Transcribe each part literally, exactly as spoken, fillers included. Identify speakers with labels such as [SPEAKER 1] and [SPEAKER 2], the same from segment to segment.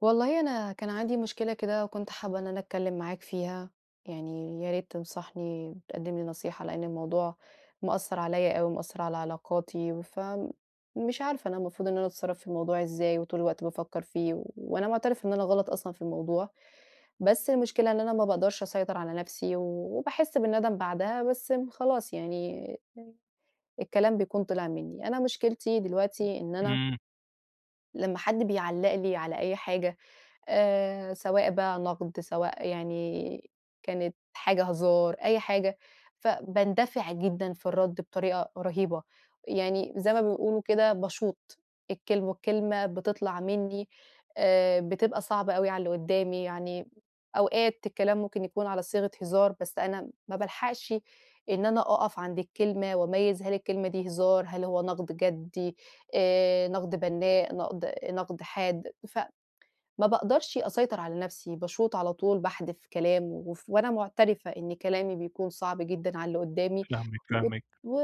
[SPEAKER 1] والله، أنا كان عندي مشكلة كده وكنت حابّة إن أنا أتكلّم معاك فيها، يعني يا ريت تنصحني وتقدّم لي نصيحة لإن الموضوع مأثّر عليَّ أوي، مأثّر على علاقاتي، ف مش عارفة أنا المفروض إن أنا أتصرّف في الموضوع إزاي، وطول الوقت بافكّر فيه و وأنا معترفة إن أنا غلط أصلًا في الموضوع، بس المشكلة إن أنا ما باقدرش أسيطر على نَفْسي، و وباحسّ بالندم بعدها بس م خلاص يعني، الكلام بيكون طلع منّي، أنا مشكلتي دلوقتي إن أنا
[SPEAKER 2] إمم.
[SPEAKER 1] لمّا حَد بيعلّق لي على أي حاجة آآ، سواء بقى نقد سواء يعني كانت حاجة هزار، أي حاجة، ف باندفع جدًا في الرَد بطريقة رهيبة، يعني زَيّ ما بيقولوا كده باشوط الكلم والكلمة بتطلع منّي آآ، بتبقى صعبة أوي على اللي قُدّامي، يعني أوقات الكلام ممكن يكون على صيغة هزار، بس أنا م ما بالحقشِ إن أنا أقف عند الكلمة وأميّز هل الكلمة دي هزار، هل هو نقد جَدّي آآ، نقد بنّاء نقد، نقد حاد ف ما باقدرش أسيطر على نَفْسي، باشوط على طول، باحدف كلام، وف وأنا معترفة إن كلامي بيكون صعب جدًا على اللي قُدّامي،
[SPEAKER 2] فاهمِك،
[SPEAKER 1] والط
[SPEAKER 2] فاهمِك.
[SPEAKER 1] و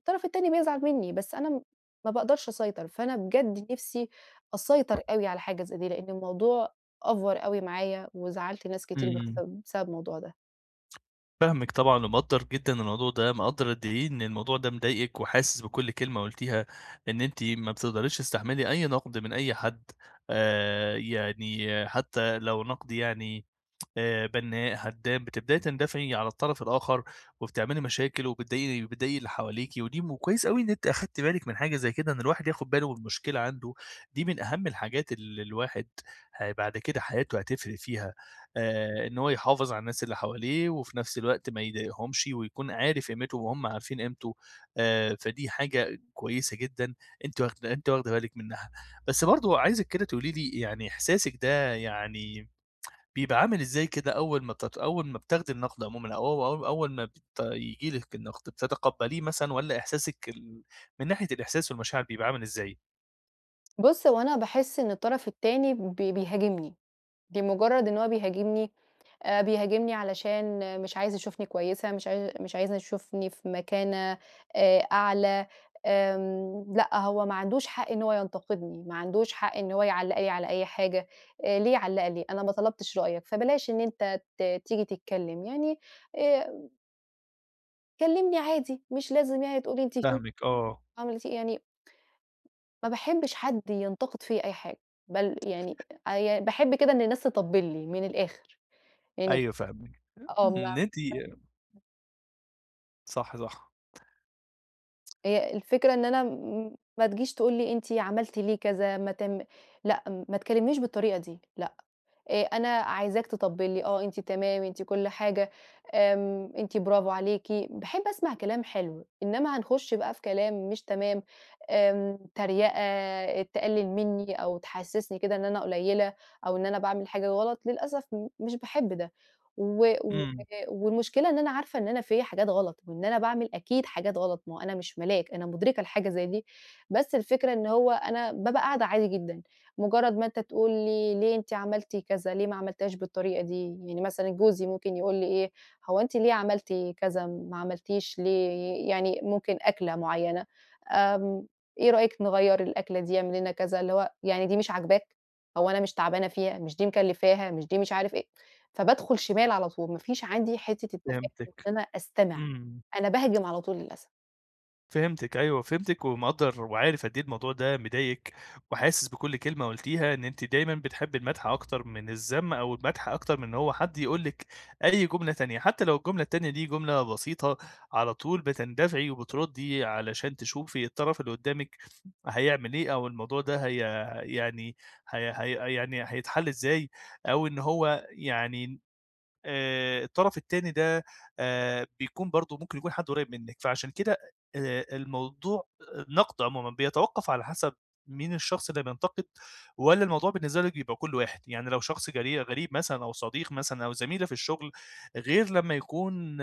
[SPEAKER 1] والطرف التاني بيزعل منّي، بس أنا ما باقدرش أسيطر، فأنا بجد نِفْسي أسيطر أوي على حاجة زَيّ دي لإن الموضوع أفور أوي معايا، وزعّلت ناس كتير ب
[SPEAKER 2] إمم.
[SPEAKER 1] [unintelligible] بسبب الموضوع ده.
[SPEAKER 2] فاهمِك طبعًا ومقدِّر جدًا الموضوع ده، مقدِّر قد إيه إن الموضوع ده مضايقِك، وحاسِس بكُل كلمة قُلتيها، إن أنتِ ما بتقدريش تستحمِّلي أي نقد من أي حد. آآ، يعني، حتى لو نقد، يعني، آآ، بنَّاء، هدَّام، بتبدئي تندفعي على الطرف الآخر، وبتعملي مشاكل وبتضايق وبتضايقي اللي حواليكِ. ودي مو وكويس أوي إن أنتِ أخدتِ بالِك من حاجة زي كده، إن الواحد ياخد باله من مشكلة عنده، دي من أهم الحاجات اللي الواحد ه بعد كده حياته هتفرِق فيها. آآ، إن هو يحافظ على الناس اللي حواليه، وفي نفس الوقت ما يضايقهمش، ويكون عارف قيمتهُم وهُم عارفين قيمته. آآ، فدي حاجة كويسة جدًا، أنتِ واخدة أنتِ واخدة بالِك منها. بس برضه، عايزِك كده، تقولي لي يعني، إحساسِك ده، يعني، بيبقى عامل إزاي كده، أول ما بت أول ما بتاخدي النَقد عمومًا، أو أو أول ما بت ييجي لِك النَقد؟ بتتقبَّليه مثلًا والّا إحساسِك ال من ناحية الإحساس والمشاعر بيبقى عامل إزاي؟
[SPEAKER 1] بُص، هو أنا باحس إن الطرف التاني بي بيهاجمني، بمُجرد إن هو بيهاجمني، آآ، بيهاجمني علشان مش عايز يشوفني كويسة، مش عا مش عايز يشوفني في مَكانة، آآ، أعلى آمم، لأ، هو ما عندوش حق إن هو ينتقدني، ما عندوش حق إن هو يعلّق لي على أي حاجة، آآ ليه يعلّق لي؟ أنا ما طلبتش رأيك، فبلاش إن أنت ت تيجي تتكلم يعني آآ كلّمني عادي، مش لازم يعني تقول لي أنتِ في
[SPEAKER 2] فاهمِك، آه.
[SPEAKER 1] [unintelligible] يعني ما باحبش حد ينتقد فيّا أي حاجة، بل يعني أ يا باحب كده إن الناس تطبِّل لي مِن الآخر. يعني
[SPEAKER 2] أيوه فاهمِك،
[SPEAKER 1] آه
[SPEAKER 2] إن أنتِ
[SPEAKER 1] [unintelligible]
[SPEAKER 2] صح، صح.
[SPEAKER 1] هي الفكرة إن أنا م ما تجيش تقول لي أنتِ عملتِ ليه كذا، ما تم لأ، ما تكلّمنيش بالطريقة دي لأ، آآ أنا عايزاك تطبِّل لي آه، أنتِ تمام أنتِ كُلّ حاجة، آمم، أنتِ برافو عليكِ، باحب أسمع كلام حلو، إنّما هنخش بقى في كلام مش تمام، آمم، تريقة، تقلِّل مني أو تحسِّسني كده إن أنا قليّلة أو إن أنا باعمل حاجة غلط، للأسف م مش باحب ده و و
[SPEAKER 2] إمم.
[SPEAKER 1] والمُشكلة إن أنا عارفة إن أنا فيّا حاجات غلط، وإن أنا باعمل أكيد حاجات غلط، ما هو أنا مش ملاك أنا مُدركة لحاجة زي دي، بس الفكرة إن هو أنا بابقى قاعدة عادي جدًا مُجرّد ما أنت تقول لي ليه أنتِ عملتِ كذا، ليه ما عملتيهاش بالطريقة دي، يعني مثلًا جوزي ممكن يقول لي إيه، هو أنتِ ليه عملتِ كذا ما عملتيش ليه يعني ممكن أكلة مُعينة، آمم، إيه رأيِك نغيّر الأكلة دي؟ اعملي لنا كذا. اللي هو يعني دي مش عاجباك؟ هو أنا مش تعبانة فيها، مش دي مكلّفاها مش دي مش عارف إيه، فبادخل شمال على طول ما فيش عندي حتّة التفاهُم، إن
[SPEAKER 2] فهمتِك،
[SPEAKER 1] أنا أستمع،
[SPEAKER 2] إمم.
[SPEAKER 1] أنا باهجم على طول للأسف.
[SPEAKER 2] فهمتِك أيوه، فهمتِك ومقدّر وعارف قد إيه الموضوع ده مضايقِك، وحاسس بكل كلمة قُلتيها إن أنتِ دايمًا بتحبّي المدح أكتر من الذم، أو المدح أكتر من إن هو حد يقول لِك أي جملة تانية، حتى لو الجملة التانية دي جملة بسيطة، على طول بتندفعي وبتردّي علشان تشوفي الطرف اللي قدّامِك هيعمل إيه، أو الموضوع ده هي يعني هي هي يعني هيتحل إزاي، أو إن هو يعني آآ الطرف التاني ده آآ بيكون برضه ممكن يكون حد قريّب منِك، فعشان كده أ آآ الموضوع النقد عمومًا بيَتَوقّف على حسب مين الشخص اللي بينتقد، والّا الموضوع بالنسبة لِك بيبقى كله واحد؟ يعني لو شخص غري غريب مثلًا، أو صديق مثلًا، أو زميلة في الشغل، غير لما يكون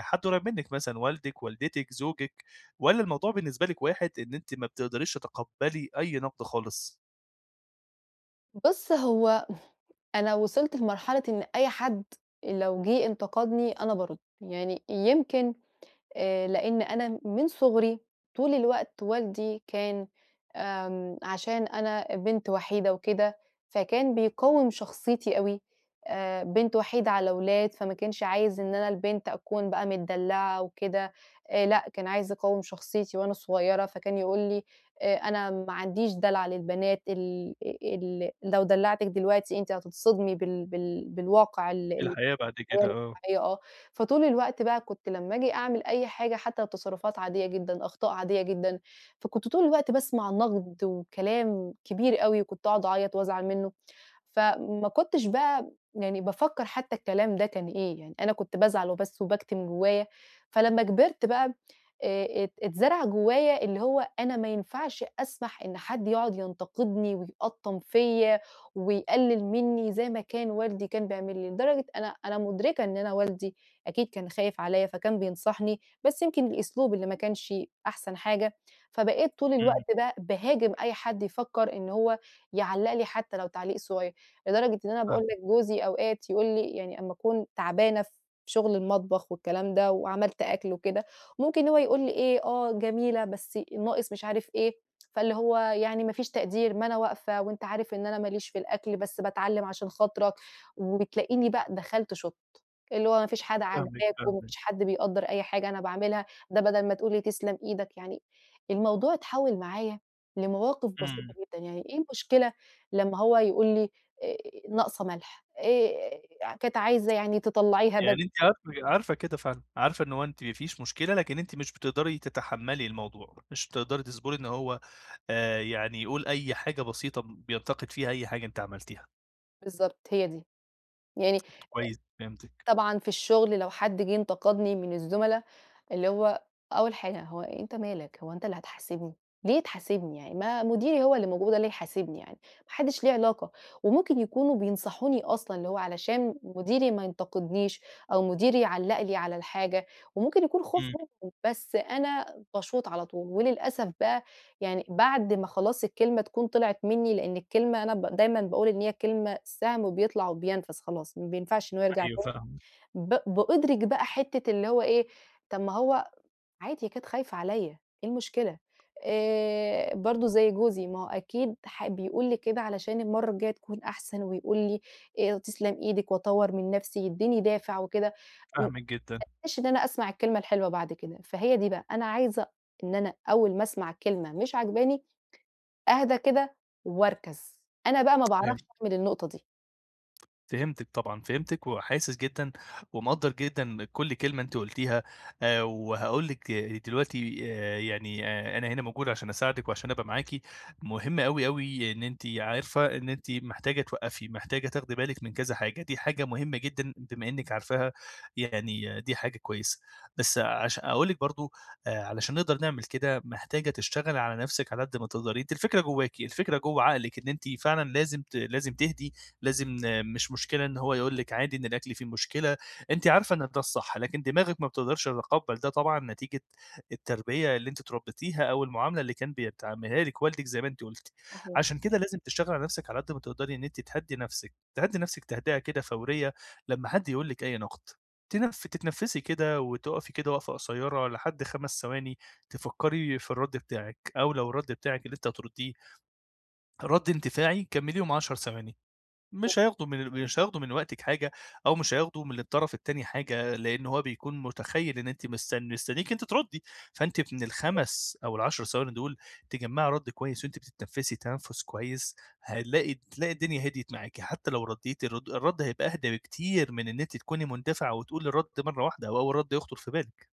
[SPEAKER 2] حد قريب منِك مثلًا، والدِك، والدتِك، زوجِك، والّا الموضوع بالنسبة لِك واحد إن أنتِ ما بتقدريش تَتَقبَّلي أي نقد خالص؟
[SPEAKER 1] بُصّ هو أنا وصلت لمرحلة إن أي حد لو جه انتقدني أنا بارُد. يعني يمكن آآ لإن أنا من صُغري طول الوقت والدي كان آمم عشان أنا بنت وحيدة وكده، فكان بيقوِّم شخصيتي أوي، آآ بنت وحيدة على ولاد فما كانش عايز إن أنا البنت أكون بقى متدلّعة وكده، آآ لأ كان عايز يقوِّم شخصيتي وأنا صغيّرة فكان يقول لي: "آآ أنا ما عنديش دلع للبنات ال ال لو دلّعتِك دلوقتي أنتِ هتتصدمي بال بال بالواقع ال
[SPEAKER 2] في
[SPEAKER 1] ال"
[SPEAKER 2] الحياة بعد كده،
[SPEAKER 1] [unintelligible]
[SPEAKER 2] آه.
[SPEAKER 1] آه، فطول الوقت بقى كنت لما آجي أعمل أي حاجة حتى تصرفات عاديّة جدًا، أخطاء عاديّة جدًا، فكنت طول الوقت باسمع نقد وكلام كبير أوي، وكنت اقعد أعيّط وأزعل منه، فما كنتش بقى يعني بافكّر حتى الكلام ده كان إيه، يعني أنا كنت بازعل وبس وباكتِم جوّايا. فلمّا كبرت بقى آآ ات اتزرع جوّايا اللي هو أنا ما ينفعش أسمح إن حد يقعد ينتقدني ويقطّم فيَّ، ويقلِّل مني زي ما كان والدي كان بيعمل لي، لدرجة أنا أنا مُدرِكة إن أنا والدي أكيد كان خايف عليَّ فكان بينصحني، بس يمكن الأسلوب اللي ما كانش أحسن حاجة، فبقيت طول
[SPEAKER 2] امم.
[SPEAKER 1] الوقت بقى باهاجم أي حد يفكّر إنه هو يعلق لي حتى لو تعليق صغير. لدرجة إن أنا باقول
[SPEAKER 2] فاهمِك.
[SPEAKER 1] لِك جوزي أوقات يقول لي يعني أما أكون تعبانة في شغل المطبخ والكلام ده، وعملت أكل وكده، ممكن هو يقول لي إيه، آه جميلة، بس ناقص مش عارف إيه. فاللي هو يعني ما فيش تقدير ما أنا واقفة، وأنت عارف إن أنا ما ليش في الأكل بس باتعلّم عشان خاطرك، وبتلاقيني بق دخلت شُطت، اللي هو ما فيش حادَة
[SPEAKER 2] فاهمِك،
[SPEAKER 1] عاجباك، وما
[SPEAKER 2] فاهمِك.
[SPEAKER 1] فيش حد بيقدّر أي حاجة أنا باعملها، ده بدل ما تقول لي تسلم إيدك، يعني الموضوع اتحوّل معايا لمواقف بسيطة
[SPEAKER 2] امم.
[SPEAKER 1] جدًا، يعني إيه المشكلة لما هو يقول لي آآ ناقصة ملح؟ آآ كانت عايزة يعني تطلّعيها بد
[SPEAKER 2] يعني أنتِ عارفة ك عارفة كده فعلًا؟ عارفة إن هو أنتِ ما فيش مشكلة، لكن أنتِ مش بتقدري تَتَحمَّلي الموضوع، مش بتقدري تصبري إن هو آآ يعني يقول أي حاجة بسيطة بينتقد فيها أي حاجة أنتِ عملتيها؟
[SPEAKER 1] بالضبط، هي دي يعني،
[SPEAKER 2] كويس فهمتِك.
[SPEAKER 1] طبعًا في الشغل، لو حد جه انتقدني من الزملا، اللي هو أول حاجة هو أنت مالك؟ هو أنت اللي هتحاسبني! ليه تحاسبني؟ يعني ما مديري هو اللي موجود، هو يحاسبني، يعني ما حدش ليه علاقة. وممكن يكونوا بينصحوني أصلًا، اللي هو علشان مديري ما ينتقدنيش، أو مديري يعلِّق لي على الحاجة، وممكن يكون خوف
[SPEAKER 2] إمم.
[SPEAKER 1] منهم، بس أنا باشوط على طول، وللأسف بقى يعني بعد ما خلاص الكلمة تكون طلعت مني، لأن الكلمة أنا ب دايمًا باقول إن هي كلمة سهم بيطلع وبينفَذ خلاص، ما بينفعش إنه هو يرجع
[SPEAKER 2] أيوه
[SPEAKER 1] تاني.
[SPEAKER 2] فاهم
[SPEAKER 1] ب بأدُرِك بقى حتة اللي هو إيه طَب ما هو عادي، هي كانت خايفة عليّا، إيه المشكلة؟ آآ برضه زي جوزي، ما هو أكيد ح بيقول لي كده علشان المرة الجاية تكون أحسن، ويقول لي آآ، تِسْلَمْ إيدِك، وأطوِّر من نفسي، يديني دافع وكده. [unintelligible]
[SPEAKER 2] فاهمِك جدًا.
[SPEAKER 1] إن أنا أسمع الكلمة الحلوة بعد كده، فهي دي بقى أنا عايزة إن أنا أول ما أسمع كلمة مش عاجباني أَهْدَى كده، وأَركَزْ. أنا بقى ما
[SPEAKER 2] [unintelligible]
[SPEAKER 1] باعرفش أعمل النقطة دي.
[SPEAKER 2] فهمتِك طبعًا، فهمتِك وحاسس جدًا ومقدرّ جدًا كل كلمة أنتِ قلتيها آآ، وهاقول لِك دلوقتي آآ، يعني آآ، أنا هنا موجود عشان أساعدِك وعشان أبقى معاكِ، مهم أوي، أوي إن أنتِ عارفة إن أنتِ محتاجة توّقفي، محتاجة تاخدي بالِك من كذا حاجة، دي حاجة مهمة جدًا بما إنِك عارفاها يعني دي حاجة كويسة، بس عشا أقول لِك برضه آآ، علشان نقدر نعمل كده محتاجة تشتغلي على نفسِك على قد ما تقدري، أنتِ الفكرة جواكِ، الفكرة جوّه عقلِك، إن أنتِ فعلًا لازم ت لازم تهدي لازم مش مشكلة إن هو يقول لِك عادي إن الأكل فيه مشكلة أنتِ عارفة إن ده الصح، لكن دماغِك ما بتقدرش تتقبل ده طبعًا نتيجة التربية اللي أنتِ اتربتيها أو المعاملة اللي كان بيتعاملها لِك والدِك زي ما أنتِ قلتِ،
[SPEAKER 1] صحيح.
[SPEAKER 2] عشان كده لازم تشتغلي على نفسِك على قد ما تقدري إن أنتِ تهدِّي نفسِك تهدِّي نفسِك تهدئة كده فورية لمّا حد يقول لِك أي نقد، تتنف تتنفسي كده وتُقفي كده وقفة قصيرة لحد خمس ثواني تفكري في الرد بتاعِك أو لو الرد بتاعِك اللي أنتِ هترديه رد اندفاعي كمليهم عشر ثواني مش
[SPEAKER 1] [unintelligible]
[SPEAKER 2] هياخدوا من مش هياخدوا من وقتِك حاجة أو مش هياخدوا من الطرف التاني حاجة لأن هو بيكون متخيّل إن أنتِ مستن مستنيكِ أنتِ تردي فأنتِ من
[SPEAKER 1] [unintelligible]
[SPEAKER 2] الخمس أو العشر ثواني دول تجمَّعي رد كويس وأنتِ بتتنفسي تنفس كويس هنلاقي تلاقي الدنيا هديت معاكِ حتى لو رديتِ الرد الرد هيبقى أهدا بكتير من إن أنتِ تكوني مندفعة وتقولي الرد مرة واحدة أو أول رد يخطر في بالِك.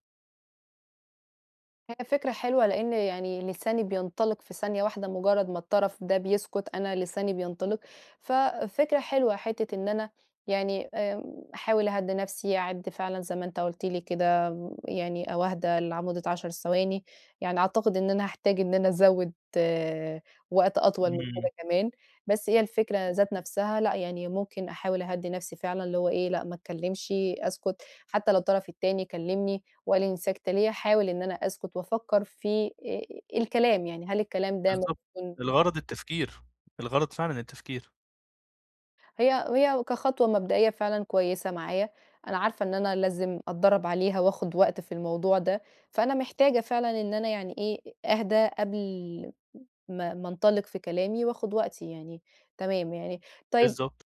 [SPEAKER 1] هي فكرة حلوة، لإن يعني لساني بينطلق في ثانية واحدة مُجرّد ما الطرف ده بيسكت، أنا لساني بينطلق، ففكرة حلوة حتّة إن أنا يعني آمم، أحاول أهدّي نَفْسي أعد فعلًا زَيّ ما أنت قُلت لي كده م يعني أو أهدى لع مدّة عشر ثواني يعني أعتقد إن أنا هاحتاج إن أنا أزوّد وقت أطول من
[SPEAKER 2] إمم.
[SPEAKER 1] كده كمان بَس هي الفكرة ذات نَفْسها لأ، يعني ممكن أحاول أهدِّي نَفْسي فعلًا اللي هو إيه لأ، ما اتكلمشي أسكت حتى لو الطرف التاني كلّمني وقال لي أنتِ ساكتة ليه؟ أحاول إن أنا أسكت وأفكّر في آآ، آآ، الكلام يعني هل الكلام ده
[SPEAKER 2] بالضبط،
[SPEAKER 1] ممكن
[SPEAKER 2] الغرض التفكير، الغرض فعلًا التفكير.
[SPEAKER 1] هي هي كخطوة مبدئية فعلًا كويسة معايا، أنا عارفة إن أنا لازم أتدرّب عليها وآخُد وقت في الموضوع ده، فأنا محتاجة فعلًا إن أنا يعني إيه أهدى قبل ما ما أنطلق في كلامي وآخُد وقتي يعني تمام يعني، طيب
[SPEAKER 2] بالضبط.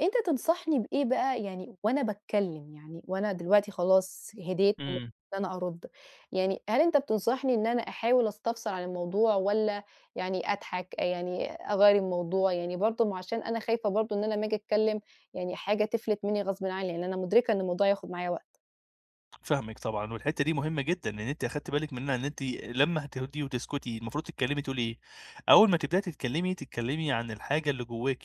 [SPEAKER 1] أنت تنصحني بإيه بقى يعني وأنا باتكلم، يعني وأنا دلوقتي خلاص هديت و [unintelligible]
[SPEAKER 2] إمم.
[SPEAKER 1] إن أنا أرُد، يعني هل أنت بتنصحني إن أنا أحاول أستفسر عن الموضوع والّا يعني أضحك آآ، يعني أغيّر الموضوع؟ يعني برضه ما عشان أنا خايفة برضه إن أنا أما آجي أتكلّم يعني حاجة تِفلت منّي غصبٍ عنّي، يعني أنا مدركة إن الموضوع هياخُد معايا وقت.
[SPEAKER 2] فاهمِك طبعًا، والحتة دي مهمة جدًا إن أنتِ أخدتي بالِك منها، إن أنتِ لمّا هتهدي وتسكتي المفروض تتكلّمي تقولي إيه، أول ما تبدأي تتكلّمي، تتكلّمي عن الحاجة اللي جواكِ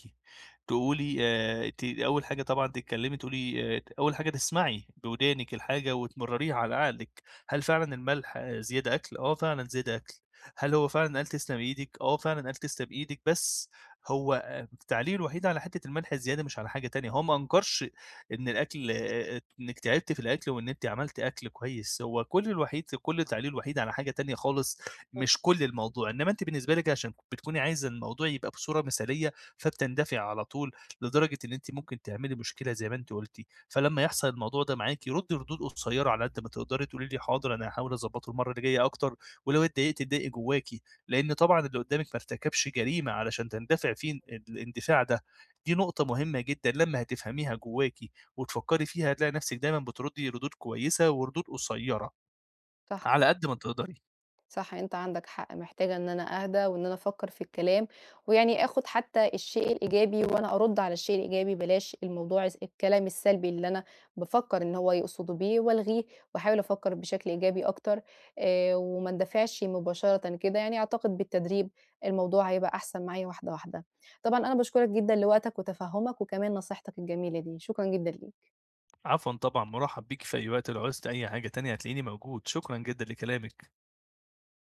[SPEAKER 2] تقولي آآ، ت أول حاجة طبعًا تتكلّمي تقولي آآ، أول حاجة تسمعي بودانِك الحاجة، وتمرّريها على عقلِك هل فعلًا الملح زيادة أكل، آه فعلًا زيادة أكل، هل هو فعلًا قال تسلم إيدِك، آه فعلًا قال تسلم إيدِك، بس هو آآ، التعليق الوحيد على حتة الملح الزيادة مش على حاجة تانية، هو ما أنكرش إن الأكل آآ، إنِّك تعبتِ في الأكل وإن أنتِ عملت أكل كويس، هو كُلّ الوحيد في كُلّ تعليقُه الوحيد على حاجة تانية خالص،
[SPEAKER 1] إمم.
[SPEAKER 2] مش كُلّ الموضوع، إنّما أنتِ بالنسبة لِك عشان بتكوني عايزة الموضوع يبقى بصورة مثالية، فبتندفعي على طول، لدرجة إن أنتِ ممكن تعملي مشكلة زي ما أنتِ قلتِ، فلمّا يحصل الموضوع ده معاكِ رُدّي ردود قصيّرة على قد ما تقدري، تقولي له حاضر أنا هاحاول أضبّطُه المرّه اللي جاية أكتر، ولو اتضايقتِ اتضايقي جواكِ لأن طبعًا اللي قُدّامِك ما ارتكبش جريمة علشان تندفعي فيه الاندفاع ده، دي نقطة مهمة جدًا لمّا هتفهميها جواكِ وتفكّري فيها هتلاقي نفسِك دايمًا بترُدّي ردود كويسة وردود قصيّرة
[SPEAKER 1] صح.
[SPEAKER 2] على قد ما تقدري.
[SPEAKER 1] صح، أنت عندك حق، محتاجة إن أنا أهدى وإن أنا أفكّر في الكلام، ويعني آخد حتى الشيء الإيجابي وأنا أرُدّ على الشيء الإيجابي، بلاش الموضوع الس الكلام السلبي اللي أنا بافكّر إنه هو يقصدُه بيه، وألغيه وأحاول أفكّر بشكل إيجابي أكتر آآ، وما أندفعش مباشرةً كده، يعني أعتقد بالتدريب الموضوع هيبقى أحسن معايا واحدة، واحدة، طبعًا أنا باشكرك جدًا لوقتك وتفهّمك، وكمان نصيحتك الجميلة دي، شكرًا جدًا ليك.
[SPEAKER 2] عفوًا طبعًا مُرحَب بيكِ في أي وقت، لو عُزتِ أي حاجة تانية هتلاقيني موجود، شكرًا جدًا لكلامِك.